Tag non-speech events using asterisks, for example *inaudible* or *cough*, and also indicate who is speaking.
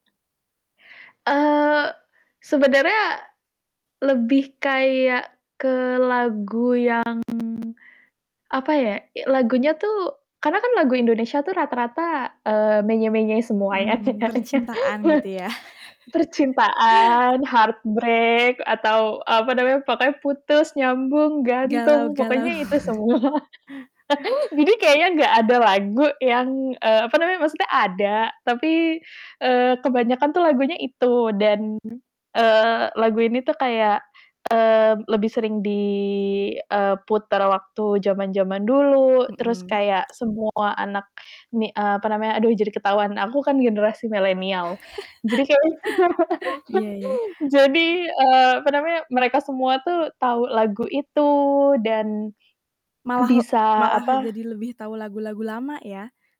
Speaker 1: Eee, sebenarnya lebih kayak ke lagu yang, apa ya, lagunya tuh karena kan lagu Indonesia tuh rata-rata, eee, menye-menye semua ya
Speaker 2: Mmm,
Speaker 1: kayaknya.
Speaker 2: percintaan gitu
Speaker 1: *laughs*
Speaker 2: ya? *chuckles*
Speaker 1: Percintaan, heart break atau apa namanya, pokoknya putus, nyambung,
Speaker 2: Galau
Speaker 1: gantung,
Speaker 2: galau.
Speaker 1: pokoknya itu semua. *laughs*
Speaker 2: *laughs*
Speaker 1: Jadi, kayaknya nggak ada lagu yang, eee, apa namanya maksudnya ada tapi, eee, kebanyakan tuh lagunya itu dan, eee, lagu ini tuh kayak, eee, lebih sering di eee, puter waktu zaman-zaman dulu, terus
Speaker 2: Mhm.
Speaker 1: kayak semua anak mi eee, apa namanya, aduh jadi ketahuan aku kan generasi milenial, jadi kayak
Speaker 2: *laughs* Iya iya.
Speaker 1: *laughs* Jadi, eee, apa namanya, mereka semua tuh tahu lagu itu, dan
Speaker 2: Malah le
Speaker 1: bisa
Speaker 2: malah jadi
Speaker 1: apa
Speaker 2: lebih tahu lagu-lagu lama ya?